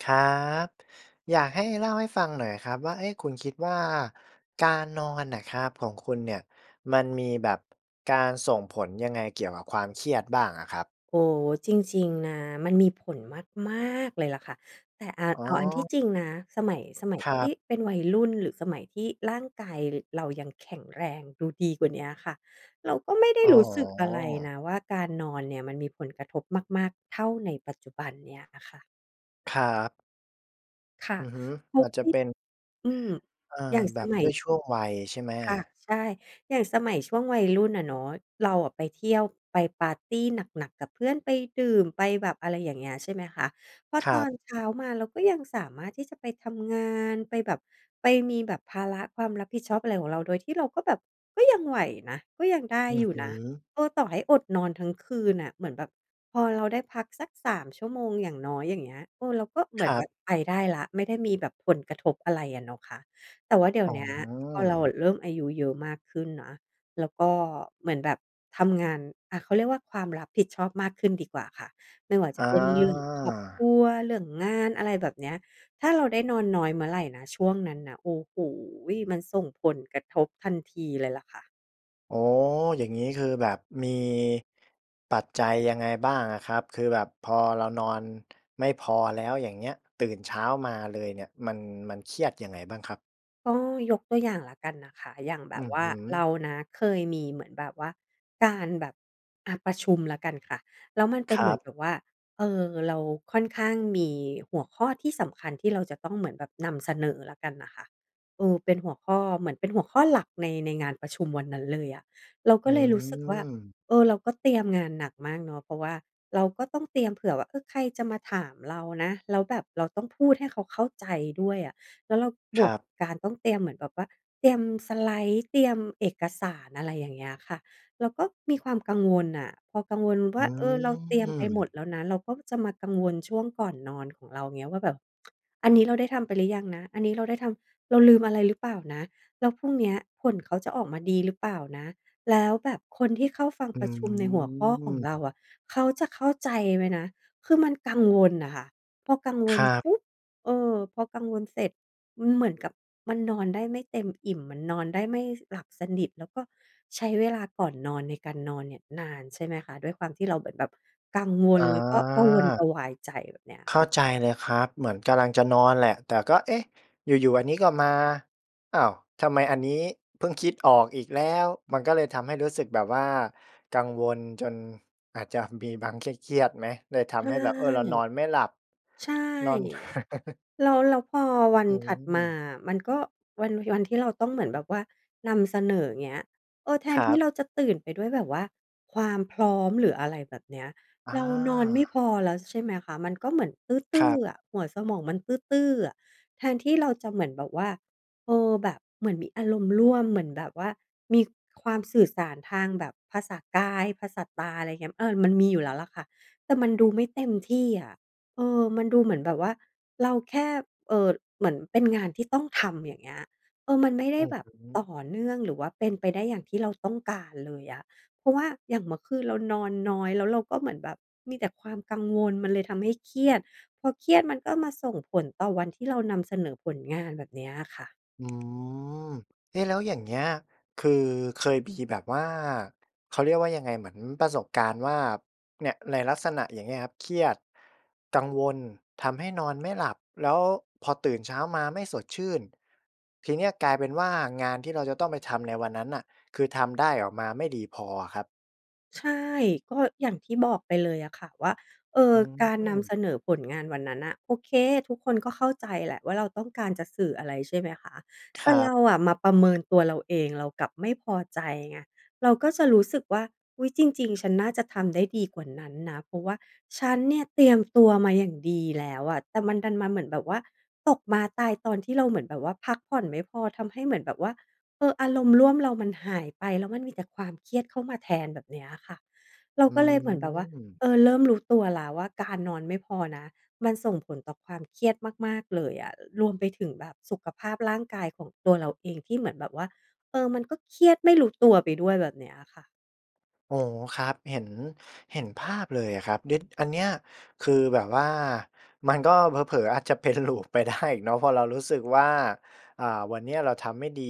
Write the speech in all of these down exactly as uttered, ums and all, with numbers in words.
ครับ อยากให้เล่าให้ฟังหน่อยครับว่า เอ๊ะ คุณคิดว่าการนอนน่ะครับ ของคุณเนี่ยมันมีแบบ การส่งผลยังไงเกี่ยวกับความเครียดบ้างอะครับ? โอ้ จริง ๆ นะ มันมีผลมาก ๆ เลยล่ะค่ะ แต่ อ่า อ๋เอ อาอันที่จริงนะ สมัย สมัยครัที่บ เป็นวัย รุ่น หรือสมัยที่ร่างกายเรายังแข็งแรงดูดีกว่าเนี้ยค่ะ เราก็ไม่ได้ อ๋รู้สึกอะไรอ นะว่า การนอนเนี่ยมันมีผลกระทบมาก ๆ เท่าในปัจจุบันเนี้ยอะค่ะ ครับ ค่ะ อือฮึ อาจจะเป็น อืม เออ อย่าง แบสบมัด้ย วยช่วงวัยใช่ไหม? ค่ะ ใช่ อย่างสมัยช่วงวัยรุ่นอะเนาะ เราอะไปเที่ยว ไปปาร์ตีหนัก ๆ กับเพื่อน ไปดื่ม ไปแบบ อะไรอย่างเงี้ย ใช่ไหมคะ พอครตัอบ นเช้ามาเราก็ยังสามารถที่จะไปทำงาน ไปแบบ ไปมีแบบภาระความรับผิดชอบอะไรของเรา โดยที่เราก็แบบก็ยังไหวนะ ก็ยังได้อืออยู่ฮึ นะ เออ ต่อให้อดนอนทั้งคืนน่ะ เหมือนแบบพอเราได้พักสัก สาม ชั่วโมงอย่างน้อย อย่างเงี้ย เออ เราก็เหมคือรนัแบบ บไปได้แล้ว ไม่ได้มีแบบผลกระทบอะไรอะเนาะคะ แต่ว่าเดี๋ยอ๋วเนี้ย พอเราออ ะเริ่มอายุเยอะมากขึ้นนะ แล้วก็เหมือนแบบทำงาน อา เขาเรียกว่า ความรับผิดชอบมากขึ้นดีกว่าค่ะ ไม่ว่าจอะเป็น เรื่องครอบคา รัว เรื่องงาน อะไรแบบเนี้ย ถ้าเราได้นอนน้อยเมื่อไรนะ ช่วงนั้นนะ โอ้โฮ มันส่งผลกระทบทันทีเลยล่ะค่ะ อ๋อ อย่างงี้คือแบบมีปัจจัยยังไงบ้างอะครับ คือแบบพอเรานอนไม่พอแล้ว อย่างเงี้ย ตื่นเช้ามาเลยเนี่ย มัน มันเครียดยังไงบ้างครับ? ก็ยกตัว อย่างแล้วกันนะคะ อย่างแบอืบอว่ฮาึ เรานะ เคยมีเหมือนแบบว่าการแบบ อ่า ประชุมแล้วกันค่ะ แล้วมันเคป็นรเัหมือนบ แบบว่า เอ่อ เราค่อนข้างมีหัวข้อที่สำคัญที่เราจะต้องเหมือนแบบนำเสนอแล้วกันน่ะค่ะ เอ่อ เป็นหัวข้อ เหมือนเป็นหัวข้อหลักใน ในงานประชุมวันนั้นเลยอะ เราอกื็เลยรู้สึกว่า ม เออ เราก็เตรียมงานหนักมากเนาะ เพราะว่าเราก็ต้องเตรียมเผื่อว่า เออ ใครจะมาถามเรานะ แล้วแบบเราต้องพูดให้เขาเข้าใจด้วยอะ แล้วเรา บควรกับ การต้องเตรียมเหมือนแบบว่า เตรียมสไลด์ เตรียมเอกสาร อะไรอย่างเงี้ยค่ะ เราก็มีความกังวลน่ะ พอกังวลวอ่ืา เออ เราเตรียมไปหมดม แล้วนะ เราก็จะมากังวลช่วงก่อนนอนของเราเงี้ยว่าแบบ อันนี้เราได้ทำไปหรือยังนะ? อันนี้เราได้ทำ เราลืมอะไรหรือเปล่านะ? แล้วพรุ่งเนี้ยผลเขาจะออกมาดีหรือเปล่านะ? แล้วแบบคนที่เข้าฟังอืประชุม ในหัวข้อของเราม อะ เขาจะเข้าใจไหมนะ? คือมันกังวลอะค่ะ พอกังวคลรับ ปุ๊บ เออ พอกังวลเสร็จ มันเหมือนกับมันนอนได้ไม่เต็มอิ่ม มันนอนได้ไม่หลับสนิท แล้วก็ใช้เวลาก่อนนอนในการนอนเนี่ยนาน ใช่ไหมคะ ด้วยความที่เราเหมือนแบบกังวอล ๋แล้วก็กระวนกรอ ะวายใจ แบบเนี้ยเข้คา่ะ ใจเลยครับ เหมือนกำลังจะนอนแหละ แต่ก็ เอ๊ะ อยู่ ๆ อันนี้ก็มา อ้าว ทำไมอันนี้เพิ่งคิดออกอีกแล้ว มันก็เลยทำให้รู้สึกแบบว่ากังวลจนอาจจะ มีบาง เครียด ๆ ไหม? เลยทใชำใ่ ห้แบบ เอ่อ เรานอนไม่หลับ ใช่ นอน แล้ว แล้วพอวัอนืถัดมาม อะ มันก็ วัน วันที่เราต้องเหมือนแบบว่านำเสนอ เงี้ย เออ แทคนรัที่บ เราจะตื่นไปด้วยแบบว่าความพร้อม หรืออะไรแบบเนี้ย อเรานอนไม่า พอแล้ว ใช่ไหมคะ มันก็เหมือนตคืร้อ ับ ๆ หัวสมองมันตื้อ ๆ อะ แทนที่เราจะเหมือนแบบว่า เออ แบบเหมือนมีอารมณ์ร่วม เหมือนแบบว่ามีความสื่อสารทางแบบภาษากาย ภาษาตา ไรเงี้ย เออ มันมีอยู่แล้วล่ะค่ะ แต่มันดูไม่เต็มที่อะ เออ มันดูเหมือนแบบว่าเราแค่ เอ่อ เหมือนเป็นงานที่ต้องทำ อย่างเงี้ย เออ มันไม่ไดอ้ือแบบฮตึ ่อเนื่อง หรือว่าเป็นไปได้อย่าง ที่เราต้องการเลยอะ เพราะว่าอย่างเมื่อคืนเรานอนน้อย แล้วเราก็เหมือนแบบมีแต่ความกังวล มันเลยทำให้เครียด พอเครียดมันก็มาส่งผลต่อวันที่เรานำเสนอผลงาน แบบเนี้ยค่ะ อืม เอ๊ะ แล้วอย่างเงี้ย คือเคยมีแบบว่า เขาเรียกว่ายังไง เหมือนประสบการณ์ว่า เนี่ย ในลักษณะอย่างเงี้ยครับ เครียด กังวล ทำให้นอนไม่หลับ แล้วพอตื่นเช้ามาไม่สดชื่น ทีนี้กลายเป็นว่า งานที่เราจะต้องไปทำในวันนั้นน่ะ คือทำได้ออกมาไม่ดีพออะครับ ใช่ ก็อย่างที่บอกไปเลยอะค่ะว่า เอ่ออ ืการนม ำเสนอผลงานวันนั้นน่ะ โอเค ทุกคนก็เข้าใจแหละว่าเราต้องการจะสื่ออะไร ใช่ไหมคะ คแตร่ัเรบ าอะมาประเมินตัวเราเอง เรากลับไม่พอใจ ไง เราก็จะรู้สึกว่า อุ๊ย จริง ๆ ฉันน่าจะทำได้ดีกว่านั้นนะ เพราะว่าฉันเนี่ยเตรียมตัวมาอย่างดีแล้วอะ แต่มันดันมาเหมือนแบบว่า ตกม้าตายตอนที่เราเหมือนแบบว่าพักผ่อนไม่พอ ทำให้เหมือนแบบว่า เออ อารมณ์ร่วมเรามันหายไป แล้วมันมีแต่ความเครียดเข้ามาแทน แบบเนี้ยค่ะ เราอืก็เลยเหมือนแบบว่า ม เออ เริ่มรู้ตัวแล้วว่าการนอนไม่พอนะมันส่งผลต่อความเครียดมาก ๆ เลยอะ รวมไปถึงแบบสุขภาพร่างกายของตัวเราเอง ที่เหมือนแบบว่า เออ มันก็เครียดไม่รู้ตัวไปด้วย แบบเนี้ยอะค่ะ อ๋อ ครับ เห็น เห็นภาพเลยอะครับ เดะ อันเนี้ย คือแบบว่ามันก็ เผลอ ๆ อาจ จะเป็น loop ไปได้ อีกเนาะ เพราะเรารู้สึกว่า อ่า วันเนี้ยเราทำไม่ดี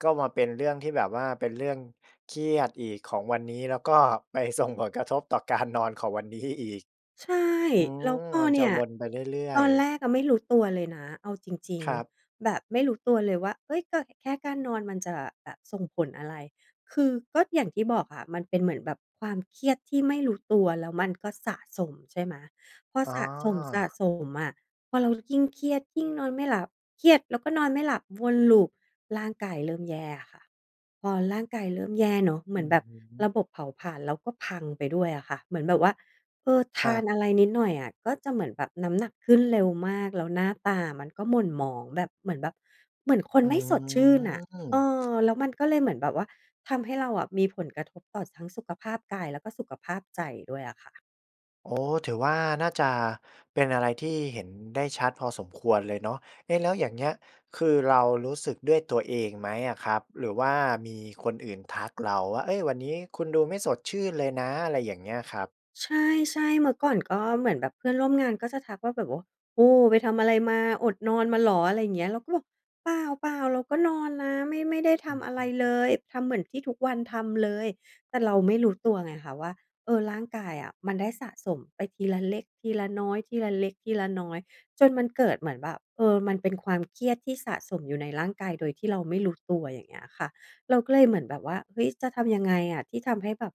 ก็มาเป็นเรื่องที่แบบว่าเป็นเรื่องเครียดอีกของวันนี้ แล้วก็ ไปส่งผลกระทบต่อการนอน ของวัน นี้อีก ใช่ อืแล้วม พอมันเจนะี่ย วนไปเรื่อตย อนแรๆ กอะไม่รู้ตัวเลยนะเอาจริง ครับ ๆ แบบไม่รู้ตัวเลยว่า เฮ้ย ก็ อ แค่การนอนมันจะแบบส่งผลอะไร คือ ก็อย่างที่บอกอะมันเป็นเหมือนแบบความเครียดที่ไม่รู้ตัวแล้วมันก็สะสม ใช่ไหม พออ๋สะอ สม ๆ อะ พอเรายิ่งเครียด ยิ่งนอนไม่หลับ เครียดแล้วก็นอนไม่หลับ วน Loop ร่างกายเริ่มแย่ค่ะ พอร่างกายเริ่มแย่เนาะ เหมอืือนอแบบฮระึ บบเผาผลาญเราก็พังไปด้วยอะค่ะ เหมือนแบบว่า เออ ทคราับ นอะไรนิดหน่อยอะก็จะเหมือนแบบน้ำหนัก ขึ้นเร็วมาก แล้วหน้าตามันก็หม่นหมอง แบบเหมือนแบบ เหมือนคนอืไม่สดชื่นอะ เอม อ แล้วมันก็เลยเหมือนแบบว่าทำให้เราอะมีผลกระทบต่อ ส ทั้งสุขภาพกาย แล้วก็สุขภาพใจด้วยอะค่ะ โอ้ ถือว่าน่าจะเป็นอะไรที่เห็นได้ชัดพอสมควรเลยเนาะ เอ๊ะ แล้วอย่างเงี้ย คือเรารู้สึกด้วยตัวเองไหมอะครับ? หรือว่ามีคนอื่นทักเราว่า "เฮ้ย วันนี้คุณดูไม่สดชื่นเลยนะ" อะไรอย่างเงี้ยครับ ใช่ ๆ เมื่อก่อนก็เหมือนแบบเพื่อนร่วมงาน ก็จะทักว่าแบบว่า "โอ้! ไปทำอะไรมา อดนอนมาเหรอ?" ไรอย่างเงี้ย เราก็บอก "เปล่า ๆ เราก็นอนนะ ไม่ ไม่ได้ทอืำออะฮไรเลึ ย ทำเหมือนที่ทุกวันทำเลย" แต่เราไม่รู้ตัวไงคะว่า เออ ร่างกายอะมันได้สะสมไปทีละเล็กทีละน้อย ทีละเล็กทีละน้อย จนมันเกิดเหมือนแบบ เออ มันเป็นความเครียดที่สะสมอยู่ในร่างกายโดยที่เราไม่รู้ตัว อย่างเงี้ยค่ะ เราก็เลยเหมือนแบบว่า เฮ้ย จะทำยังไงอะ? ที่ทำให้แบบ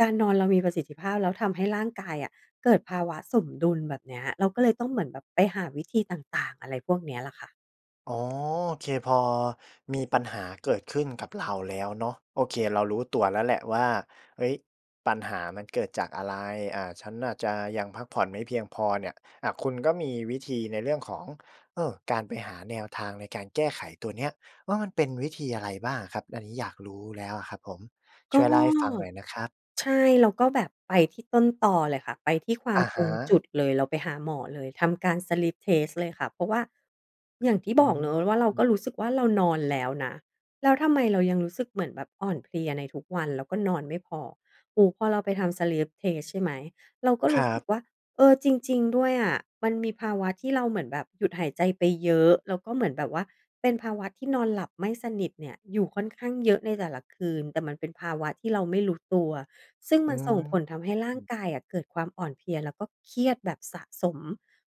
การนอนเรามีประสิทธิภาพ แล้วทำให้ร่างกายอะเกิดภาวะสมดุล แบบเนี้ย เราก็เลยต้องเหมือนแบบไปหาวิธีต่าง ๆ อะไรพวกนี้ล่ะค่ะ อ๋อ โอเค พอมีปัญหาเกิดขึ้นกับเราแล้วเนาะ โอเค เรารู้ตัวแล้วแหละว่า "เฮ้ย ปัญหามันเกิดจากอะไร อา ฉันอาจจะยังพักผ่อนไม่เพียงพอ" เนี่ย อา คุณก็มีวิธีในเรื่องของ เออ การไปหาแนวทางในการแก้ไขตัวเนี้ย ว่ามันเป็นวิธีอะไรบ้างอะครับ? อันนี้อยากรู้แล้วอะครับผม ชก่็ วยเล่าให้ฟังหน่อยนะครับ ใช่ เราก็แบบไปที่ต้นตอเลยค่ะ ไปที่ควาอมะฮตรงจุะ ดเลย เราไปหาหมอเลย ทำการ Sleep Test เลยค่ะ เพราะว่า อย่างที่อบอกเนาะว่าเรากื็ม รู้สึกว่า เรานอนแล้วนะ แล้วทำไมเรายังรู้สึกเหมือนแบบอ่อนเพลียในทุกวัน แล้วก็นอนไม่พอ โอ้โฮ พอเราไปทำ Sleep Test ใช่ไหม เราก็ครูร้ัสึบ กว่า เออ จริง ๆ ด้วยอะมันมีภาวะที่เราเหมือนแบบหยุดหายใจไปเยอะ แล้วก็เหมือนแบบว่าเป็นภาวะที่นอนหลับไม่สนิทเนี่ย อยู่ค่อนข้างเยอะในแต่ละคืน แต่มันเป็นภาวะที่เราไม่รู้ตัว ซึ่งอมืันส่งผลทำให้ร่างม กายอะเกิดความอ่อนเพลีย แล้วก็เครียดแบบสะสม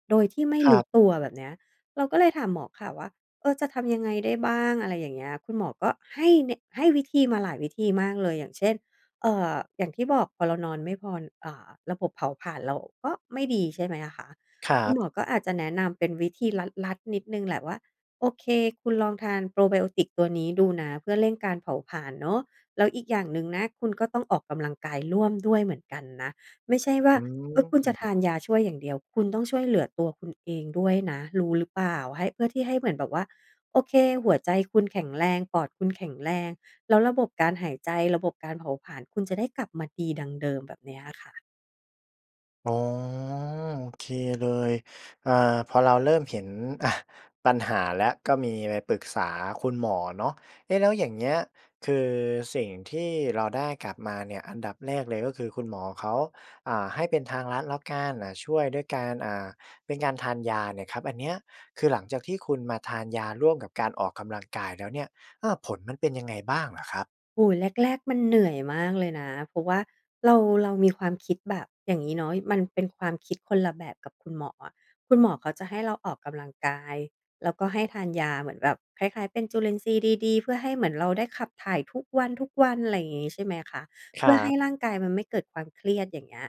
โดยที่ไม่ครรูั้บ ตัว แบบเนี้ย เราก็เลยถามหมอค่ะว่า "เออ จะทำยังไงได้บ้าง?" อะไรอย่างเงี้ย คุณหมอก็ให้แนะ ให้วิธีมาหลายวิธีมากเลย อย่างเช่น เอ่อ อย่างที่บอกพอเรานอนไม่พอณ อ่า ระบบเผาผลาญเราก็ไม่ดี ใช่ไหมอะคะ ครคัุณหมบ อก็อาจจะแนะนำเป็นวิธีที่ลัด ๆ นิดหนึ่งแหละว่า "โอเค คุณลองทาน probiotics ตัวนี้ดูนะ เพื่อเร่งการเผาผลาญเนาะ แล้วอีกอย่างหนึ่งนะ คุณก็ต้องออกกำลังกายร่วมด้วยเหมือนกันนะ ไม่ใช่ว่อา ืเออ คุณจะม ทานยาช่วยอย่างเดียว คุณต้องช่วยเหลือตัวคุณเองด้วยนะ รู้หรือเปล่า ให้ เพื่อที่ให้เหมือนแบบว่า โอเค หัวใจคุณแข็งแรง ปอดคุณแข็งแรง แล้วระบบการหายใจ ระบบการเผาผลาญคุณจะได้กลับมาดีดังเดิม" แบบเนี้ยอะค่ะ อ๋อ โอเคเลย อ่า พอเราเริ่มเห็น อา ปัญหาแล้ว ก็มีไปปรึกษาคุณหมอเนาะ เอ๊ะ แล้วอย่างเงี้ย คือสิ่งที่เราได้กลับมาเนี่ย อันดับแรกเลยก็คือ คุณหมอเขา อ่า ให้เป็นทางลัดแล้วกัน อ่า ช่วยด้วยการ อ่า เป็นการทานยาเนี่ยครับ อันเนี้ย คือหลังจากที่คุณมาทานยาร่วมกับการออกกำลังกายแล้วเนี่ย อา ผลมันเป็นยังไงบ้างเหรอครับ? โอ้โฮ แรก ๆ มันเหนื่อยมากเลยนะ เพราะว่าเรา เรามีความคิดแบบ อย่างงี้เนาะ มันเป็นความ คิดคนละแบบกับคุณหมออะ คุณหมอเขาจะให้เราออกกำลังกาย แล้วก็ให้ทานยาเหมือนแบบคล้าย ๆ เป็นจุลินทรีย์ดี ๆ เพื่อให้เหมือนเราได้ขับถ่ายทุกวัน ๆ ไรงี้ ใช่ไหมคะ คเพรื่ัอให้บ ร่างกายมันไม่เกิดความเครียด อย่างเงี้ย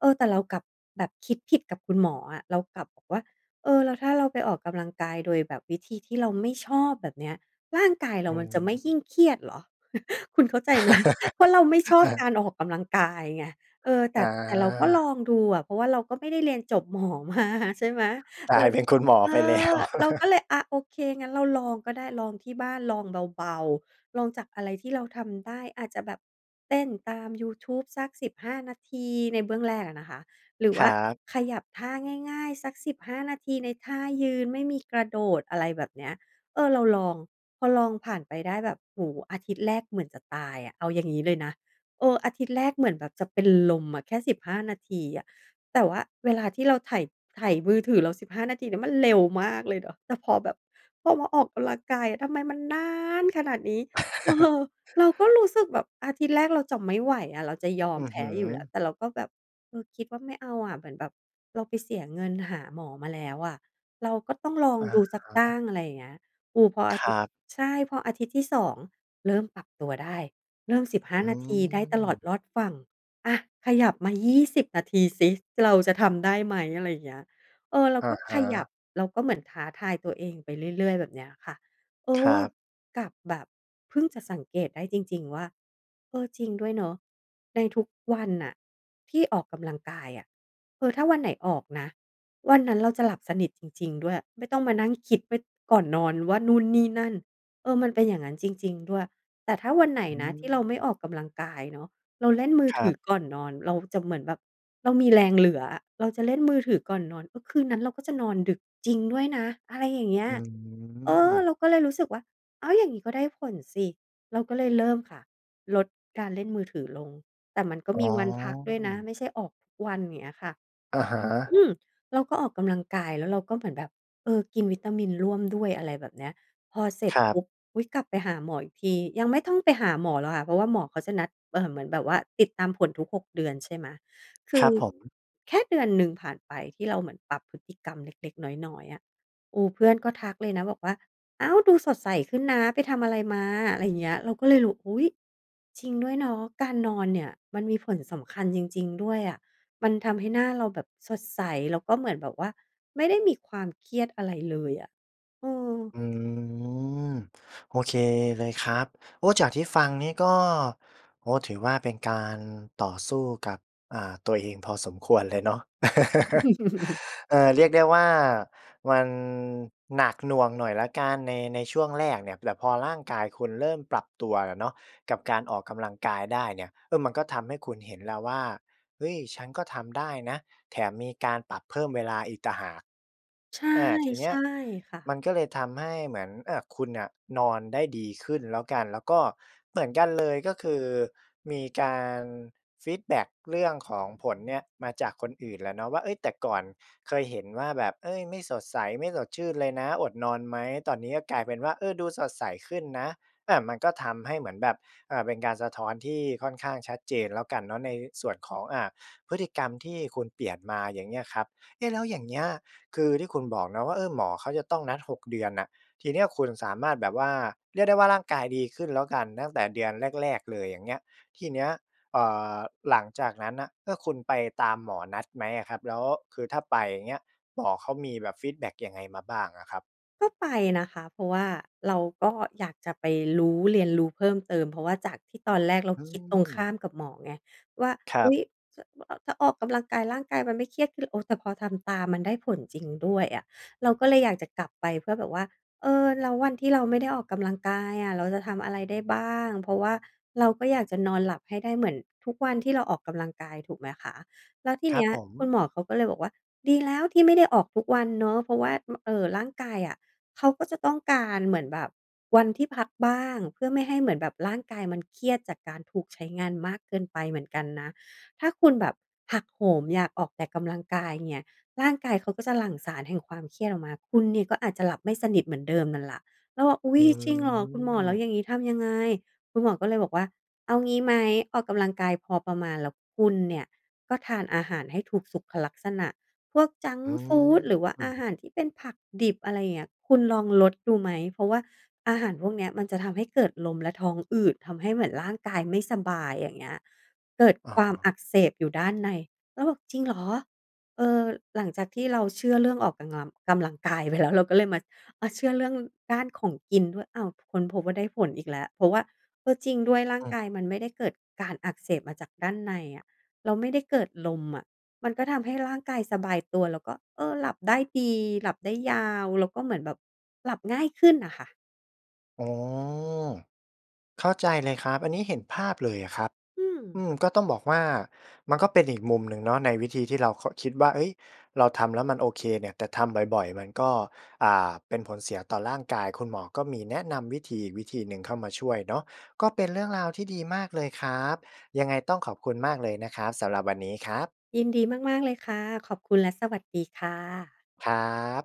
เออ แต่เรากลับแบบคิดผิดกับคุณหมออะ เรากลับบอกว่า "เออ แล้วถ้าเราไปออกกำลังกายโดยแบบวิธีที่เราไม่ชอบ แบบเนี้ย ร่างกายเรอา๋อ มันจะไม่ยิ่งเครียดเหรอ?" คุณเข้าใจไหม เพราะเราไม่ชอเบออ การออกกำลังกายไง เออ แตอ่ แต่เราก็ลา องดูอะ เพราะว่าเราก็ไม่ได้เรียนจบ หมอมา ใช่ไหม กลเราา ยเป็นคุณหมอเอไปแล้อ ว เราก็เลยอะโอเค งั้นเราลองก็ได้ ลองที่บ้าน ลองเบา ๆ ลองจากอะไรที่เราทำได้ อาจจะแบบเต้นตามยูทูบสัก สิบห้า นาที ในเบื้องแรกอะนะคะ หรือคว่ราับ ขยับท่าง่าย ๆ สัก สิบห้า นาที ในท่ายืนไม่มีกระโดด อะไรแบบเนี้ย เออ เราลอง พอลองผ่านไปได้แบบ โอ้โฮ อาทิตย์แรกเหมือนจะตายอะ เอาอย่างงี้เลยนะ เออ อาทิตย์แรกเหมือนแบบจะเป็นลมอะ แค่ สิบห้า นาทีอะ แต่ว่าเวลาที่เราไถ ไถมือถือ เรา สิบห้า นาทีเนี่ยมันเร็วมากเลยเนาะ แต่พอแบบ พอมาออกกำลังกาย ทำไมมันนานขนาดนี้ เออ เราก็รู้สึกแบบ อาทิตย์แรกเราจะไม่ไหวอะ เราจะยออืมอแพฮ้ึ อยู่แล้ว แต่เราก็แบบ เออ คิดว่าไม่เอาอะ เหมือนแบบเราไปเสียเงินหาหมอมาแล้วอะ เราก็ต้องลองอะดูสักตฮั้ะ ง อะไรอย่างเงี้ย โอ้ พออคาทริัตย์ บ ใช่ พออาทิตย์ที่ สอง เริ่มปรับตัวได้ เริ่ม สิบห้อา ืนาทีได้ตลอดม รอดฝั่ง อา ขยับมา ยี่สิบ นาทีซิ เราจะทำได้ไหม อะไรอย่างเงี้ย เออ เราอก็ะฮขยับ ะ เราก็เหมือนท้าทายตัวเองไปเรื่อย ๆ แบบเนี้ยค่ะ เอครัอ บ กับแบบ เพิ่งจะสังเกตได้จริง ๆ ว่า เออ จริงด้วยเนาะ ในทุกวันน่ะที่ออกกำลังกายอะ เออ ถ้าวันไหนออกนะ วันนั้นเราจะหลับสนิทจริง ๆ ด้วย ไม่ต้องมานั่งคิดไว้ก่อนนอนว่านู่นนี่นั่น เออ มันเป็นอย่างงั้นจริง ๆ ด้วย แต่ถ้าวันไหนอืนะที่เราไม่ม ออกกำลังกายเนาะ เราเล่นมือครถัืบ อก่อนนอน เราจะเหมือนแบบ เรามีแรงเหลืออะ เราจะเล่นมือถือก่อนนอน เออ คืนนั้นเราก็จะนอนดึกจริงด้วยนะ อะไรอย่างเงี้อย ืเออ เม ราก็เลยรู้สึกว่า อ้าว อย่างงี้ก็ได้ผลสิ เราก็เลยเริ่มค่ะ ลดการเล่นมือถือลง แต่มันก็อ๋มีอ วันพักด้วยนะ ไม่ใช่ออกทุกวัน อย่างเงี้ยค่ะ อะฮอะ ืม! เราก็ออกกำลังกาย แล้วเราก็เหมือนแบบ เออ กินวิตามินร่วมด้วย อะไรแบบเนี้ย พอเสร็จครัปบ ุ๊บ อุ๊ย กลับไปหาหมออีกที ยังไม่ต้องไปหาหมอหรอกค่ะ เพราะว่าหมอเขาจะนัด เอ่อ เหมือนแบบว่า ติดตามผลทุก หก เดือน ใช่ไหม คคืรอ ับผม แค่เดือนหนึ่งผ่านไปที่เราเหมือนปรับพฤติกรรมเล็ก ๆ น้อย ๆ อะ โอ้ เพื่อนก็ทักเลยนะบอกว่า "อ้าว ดูสดใสขึ้นนะ ไปทำอะไรมา" ไรเงี้ย เราก็เลยรู้ อุ๊ย จริงด้วยเนาะ การนอนเนี่ยมันมีผลสำคัญจริง ๆ ด้วยอะ มันทำให้หน้าเราแบบสดใส แล้วก็เหมือนแบบว่าไม่ได้มีความเครียดอะไรเลยอะ เออ อืม โอเคเลยครับ โอ้ จากที่ฟังนี่ก็ โอ้ ถือว่าเป็นการต่อสู้กับ อ่า ตัวเองพอสมควรเลยเนาะ เออ เรียกได้ว่า มันหนักหน่วงหน่อยแล้วกัน ใน ในช่วงแรกเนี่ย แต่พอร่างกายคุณเริ่มปรับตัวอะเนาะ กับการ ออกกำลังกายได้เนี่ย เออ มันก็ทำให้คุณเห็นแล้วว่า เฮ้ย ฉันก็ทำได้นะ แถมมีการปรับเพิ่มเวลาอีกต่างหาก ใช่ อา ทีเนใีช้ย่ค่ะ มันก็เลยทำให้เหมือน อา คุณน่ะนอนได้ดีขึ้นแล้วกัน แล้วก็เหมือนกัน เลย ก็คือมีการฟีดแบ็กเรื่องของผลเนี่ย มาจากคนอื่นแหละเนาะว่า เฮ้ย แต่ก่อนเคยเห็นว่าแบบ เฮ้ย ไม่สดใส ไม่สดชื่นเลยนะ อดนอนไหม ตอนนี้ก็กลายเป็นว่า เออ ดูสดใสขึ้นนะ อา มันก็ทำให้เหมือนแบบ อ่า เป็นการสะท้อนที่ค่อนข้างชัดเจนแล้วกันเนาะ ในส่วนของ อ่า พฤติกรรมที่คุณเปลี่ยนมา อย่างเงี้ยครับ เอ๊ะ แล้วอย่างเงี้ย คือที่คุณบอกนะว่า เออ หมอเขาจะต้องนัด หก เดือนน่ะ ทีเนี้ยคุณสามารถแบบว่า เรียกได้ว่า ร่างกายดีขึ้นแล้วกัน ตั้งแต่เดือนแรก ๆ เลย อย่างเงี้ย ทีเนี้ย เอ่อ หลังจากนั้นน่ะ เอ่อ คุณไปตามหมอนัดไหมอะครับ? แล้วคือถ้าไปอย่างเงี้ย หมอเขามีแบบฟีดแบ็กยังไงมาบ้างอะครับ? ก็ไปนะคะ เพราะว่าเราก็อยากจะไปรู้ เรียนรู้เพิ่มเติม เพราะว่าจากที่ตอนแรกเราอืคิดตรงข้าม มกับหมอไงว่า ครัอุ๊บ ย ถ้า บ อ ถ้าออกกำลังกายร่างกายมันไม่เครียดขึ้น โอ้ แต่พอทำตามมันได้ผลจริงด้วยอะ เราก็เลยอยากจะกลับไปเพื่อแบบว่า เออ แล้ววันที่เราไม่ได้ออกกำลังกายอะ เราจะทำอะไรได้บ้าง? เพราะว่าเราก็อยากจะนอนหลับให้ได้เหมือนทุกวันที่เราออกกำลังกาย ถูกไหมคะ แล้วทีคเรันบี้ยผคุณม หมอเขาก็เลยบอกว่า "ดีแล้วที่ไม่ได้ออกทุกวันเนาะ เพราะว่า ม เอ่อ ร่างกายอะ เขาก็จะต้องการ เหมือนแบบวันที่พักบ้าง เพื่อไม่ให้เหมือนแบบร่างกายมันเครียด จากการถูกใช้งานมากเกินไปเหมือนกันนะ ถ้าคุณแบบหักโหมอยากออกแต่กำลังกายเนี่ย ร่างกายเขาก็จะหลั่งสารแห่งความเครียดออกมา คุณเนี่ยก็อาจจะหลับไม่สนิทเหมือนเดิมนั่นล่ะ" เราบอก "อุ๊อืย จริงเหรอ คุณหมอแล้วม อย่างนี้ทำยังไง?" คุณหมอก็เลยบอกว่า "เอางี้ไหม ออกกำลังกายพอประมาณ แล้วคุณเนี่ยก็ทานอาหารให้ถูกสุขลักษณะ พวกจังกอื์ฟูด หรือว่าอาหม ารที่เป็นผักดิบ อะไรอย่างเงี้ย คุณลองลดดูไหม? เพราะว่าอาหารพวกเนี้ย มันจะทำให้เกิดลมและท้องอืด ทำให้เหมือนร่างกายไม่สบาย อย่างเงี้ย เกิดอ๋ความออ ักเสบอยู่ด้านใน" เราบอก "จริงเหรอ?" เออ หลังจากที่เราเชื่อเรื่องออกกังลัม กำลังกาย ไปแล้ว เราก็เลยมา อ่า เชื่อเรื่องด้านของกินด้วย อ้าว ค้นพบว่าได้ผลอีกแล้ว เพราะว่า เออ จริงด้วยร่าองืกม ายมันไม่ได้เกิดการอักเสบมาจากด้านในอะ เราไม่ได้เกิดลมอะ มันก็ทำให้ร่างกายสบายตัว แล้วก็ เออ หลับได้ดี หลับ ได้ยาว แล้วก็เหมือนแบบหลับง่ายขึ้นน่ะค่ะ อ๋อ เข้าใจเลยอะครับ อันนี้เห็นภาพเลยครับ อือืม! ม ก็ต้องบอกว่า มันก็เป็นอีกมุมหนึ่งเนาะ ในวิธีที่เรา ค คิดว่า เฮ้ย เราทำแล้วมันโอเคเนี่ย แต่ทำบ่อย ๆ มันก็ อ่า เป็นผลเสียต่อร่างกาย คุณหมอก็มีแนะนำวิธีอีกวิธีหนึ่งเข้ามาช่วยเนาะ ก็เป็นเรื่องราวที่ดีมากเลยครับ ยังไงต้องขอบคุณมากเลยนะครับ สำหรับวันนี้ครับ ยินดีมาก ๆ เลยค่ะ ขอบคุณและสวัสดีค่ะ ครับ